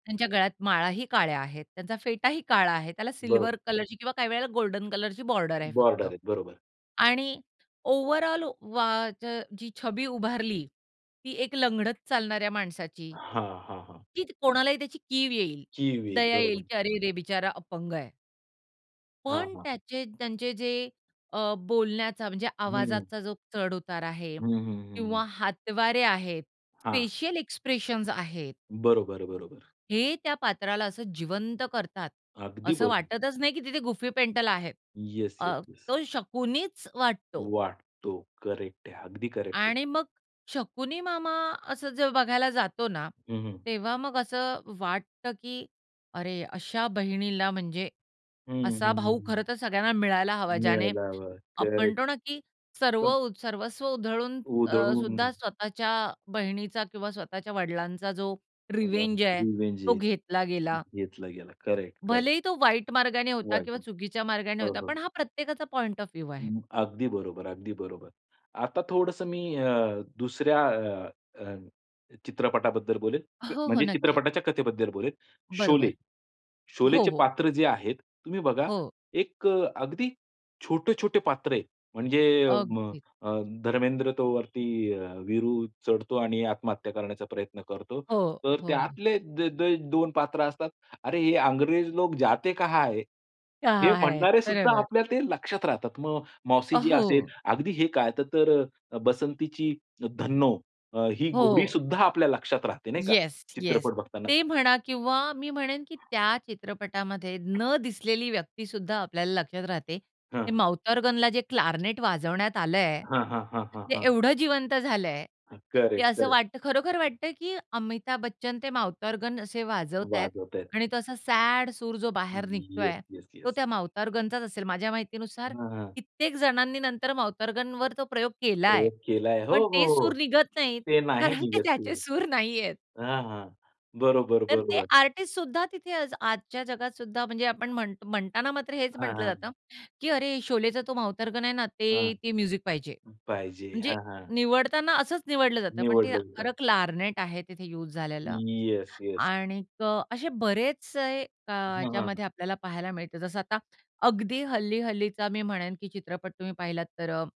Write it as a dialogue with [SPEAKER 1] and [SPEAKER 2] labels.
[SPEAKER 1] त्यांच्या गळ्यात माळाही काळ्या आहेत, त्यांचा फेटा ही काळा आहे त्याला सिल्वर
[SPEAKER 2] बरोबर.
[SPEAKER 1] कलरची किंवा काही वेळेला गोल्डन कलरची बॉर्डर आहे फक्त
[SPEAKER 2] बॉर्डर आहे बरोबर.
[SPEAKER 1] आणि ओव्हरऑल वा च जी छबी उभारली ती एक लंगडत चालणाऱ्या माणसाची,
[SPEAKER 2] हां, हां, हां.
[SPEAKER 1] की कोणालाही त्याची कीव येईल.
[SPEAKER 2] कीव येईल.
[SPEAKER 1] दया
[SPEAKER 2] बरोबर.
[SPEAKER 1] येईल, की अरेरे! बिचारा अपंग आहे.
[SPEAKER 2] हां,
[SPEAKER 1] पण
[SPEAKER 2] हां.
[SPEAKER 1] त्याचे त्यांचे जे अ, बोलण्याचा म्हणजे
[SPEAKER 2] हं.
[SPEAKER 1] आवाजाचा जो चढ-उतार आहे
[SPEAKER 2] हं, हं, हं, हं.
[SPEAKER 1] किंवा हातवारे आहेत.
[SPEAKER 2] हां.
[SPEAKER 1] फेशियल एक्सप्रेशन्स आहेत.
[SPEAKER 2] बरोबर, बरोबर.
[SPEAKER 1] हे त्या पात्राला असं जिवंत करतात.
[SPEAKER 2] अगदी
[SPEAKER 1] असं
[SPEAKER 2] बर
[SPEAKER 1] वाटतच नाही, की तिथे गुफी पेंटल आहे.
[SPEAKER 2] Yes, yes,
[SPEAKER 1] uh,
[SPEAKER 2] yes.
[SPEAKER 1] तो शकुनीच वाटतो.
[SPEAKER 2] वाटतो करेक्ट आहे. अगदी करेक्ट आहे.
[SPEAKER 1] आणि मग शकुनी मामा असं जेव्हा बघायला जातो ना,
[SPEAKER 2] हं, हं.
[SPEAKER 1] तेव्हा मग असं वाटतं, की अरे! अशा बहिणीला म्हणजे
[SPEAKER 2] हं,
[SPEAKER 1] असा
[SPEAKER 2] हं,
[SPEAKER 1] भाऊ
[SPEAKER 2] हं.
[SPEAKER 1] खरं तर सगळ्यांना मिळायला हवा ज्याने
[SPEAKER 2] मिळायला हवं
[SPEAKER 1] आपण
[SPEAKER 2] करेक्ट.
[SPEAKER 1] म्हणतो ना, की
[SPEAKER 2] पण
[SPEAKER 1] सर्व सर्वस्व उधळून अ,
[SPEAKER 2] उधळून.
[SPEAKER 1] सुद्धा स्वतःच्या बहिणीचा किंवा स्वतःच्या वडिलांचा जो
[SPEAKER 2] [unintelligible]
[SPEAKER 1] रिवेंज आहे
[SPEAKER 2] रिव्हेंज
[SPEAKER 1] तो
[SPEAKER 2] आहे.
[SPEAKER 1] घेतला गेला.
[SPEAKER 2] घेतला गेला. Correct, correct.
[SPEAKER 1] भलेही तो वाईट मार्गाने होता
[SPEAKER 2] वाईट.
[SPEAKER 1] किंवा चुकीच्या मार्गाने
[SPEAKER 2] हो,
[SPEAKER 1] होता,
[SPEAKER 2] हो.
[SPEAKER 1] पण हा प्रत्येकाचा पॉइंट ऑफ व्ह्यू
[SPEAKER 2] अ,
[SPEAKER 1] आहे.
[SPEAKER 2] अगदी बरोबर, अगदी बरोबर. आता थोडंसं मी अ, दुसऱ्या अ, अ, चित्रपटाबद्दल बोलेल. क
[SPEAKER 1] हो, हो.
[SPEAKER 2] म्हणजे
[SPEAKER 1] नक्की.
[SPEAKER 2] चित्रपटाच्या कथेबद्दल बोलेल. शोले,
[SPEAKER 1] बरोबर. हो,
[SPEAKER 2] शोलेचे
[SPEAKER 1] हो.
[SPEAKER 2] पात्र जे आहेत, तुम्ही बघा
[SPEAKER 1] हो.
[SPEAKER 2] एक अ, अगदी छोटे-छोटे पात्र आहेत. म्हणजे
[SPEAKER 1] अगदी.
[SPEAKER 2] अ, धर्मेंद्र तो वरती अ, वीरू चढतो आणि आत्महत्या करण्याचा प्रयत्न करतो.
[SPEAKER 1] हो,
[SPEAKER 2] तर
[SPEAKER 1] हो.
[SPEAKER 2] त्यातले दे दे दोन पात्र असतात. अरे हे अंग्रेज लोग जाते कहा है? हे
[SPEAKER 1] कहा है!
[SPEAKER 2] म्हणणारे सुद्धा
[SPEAKER 1] बरोबर.
[SPEAKER 2] आपल्या ते लक्षात राहतात. मग
[SPEAKER 1] अ,
[SPEAKER 2] मौसीजी असेल
[SPEAKER 1] हो.
[SPEAKER 2] अगदी हे काय त तर अ, बसंतीची धन्नो ही घोडी
[SPEAKER 1] हो.
[SPEAKER 2] सुद्धा आपल्या लक्षात राहते, नाही का
[SPEAKER 1] येस, येस.
[SPEAKER 2] चित्रपट बघताना.
[SPEAKER 1] ते म्हणा किंवा मी म्हणेन, की त्या चित्रपटामध्ये न दिसलेली व्यक्ती सुद्धा आपल्याला लक्षात राहते. हे
[SPEAKER 2] हां.
[SPEAKER 1] माउथ ऑर्गनला जे क्लार्नेट वाजवण्यात आलंय.
[SPEAKER 2] हां, हां, हां, हां,
[SPEAKER 1] ते
[SPEAKER 2] हां.
[SPEAKER 1] एवढं जिवंत झालंय, की
[SPEAKER 2] करेक्ट,
[SPEAKER 1] असं
[SPEAKER 2] करेक्ट.
[SPEAKER 1] वाटतं, खरोखर वाटतं, की अमिताभ बच्चन ते माउथॉर्गन असे वाजवतायेत
[SPEAKER 2] वाजवत आहेत.
[SPEAKER 1] आणि तो असा सॅड सूर जो बाहेर
[SPEAKER 2] हं, येस,
[SPEAKER 1] निघतोय.
[SPEAKER 2] येस,
[SPEAKER 1] तो
[SPEAKER 2] येस.
[SPEAKER 1] त्या माउथॉर्गनचाच असेल माझ्या माहितीनुसार
[SPEAKER 2] हां, हां.
[SPEAKER 1] कित्येक जणांनी नंतर माउथॉर्गनवर तो प्रयोग केलाय,
[SPEAKER 2] प्रयोग केलाय. हो,
[SPEAKER 1] पण
[SPEAKER 2] हो,
[SPEAKER 1] ते सूर
[SPEAKER 2] हो.
[SPEAKER 1] निघत नाहीत.
[SPEAKER 2] ते नाही
[SPEAKER 1] कारण की
[SPEAKER 2] निघत ते.
[SPEAKER 1] त्याचे सूर नाहीयेत.
[SPEAKER 2] हां, हां. बरोबर,
[SPEAKER 1] तर ते
[SPEAKER 2] बरोबर.
[SPEAKER 1] आर्टिस्ट सुद्धा तिथे आज आजच्या जगात सुद्धा म्हणजे आपण म्हणत म्हणताना मात्र हेच
[SPEAKER 2] हां,
[SPEAKER 1] म्हटलं
[SPEAKER 2] हां.
[SPEAKER 1] जातं, की "अरे शोलेचा तो माउथॉर्गन आहे ना,
[SPEAKER 2] हां.
[SPEAKER 1] ते ते म्युझिक पाहिजे."
[SPEAKER 2] पाहिजे
[SPEAKER 1] म्हणजे
[SPEAKER 2] हां, हां.
[SPEAKER 1] निवडताना असंच निवडलं जातं, पण ते
[SPEAKER 2] निवडलं तिथं.
[SPEAKER 1] खरं क्लार्नेट आहे तिथे यूज झालेलं.
[SPEAKER 2] Yes, yes.
[SPEAKER 1] आणिक असे बरेचसे अ,
[SPEAKER 2] हं, हं, हं.
[SPEAKER 1] याच्यामध्ये आपल्याला पाहायला मिळते जसं आता अगदी हल्ली-हल्लीचा मी म्हणेन, की चित्रपट तुम्ही पाहिलात तर अ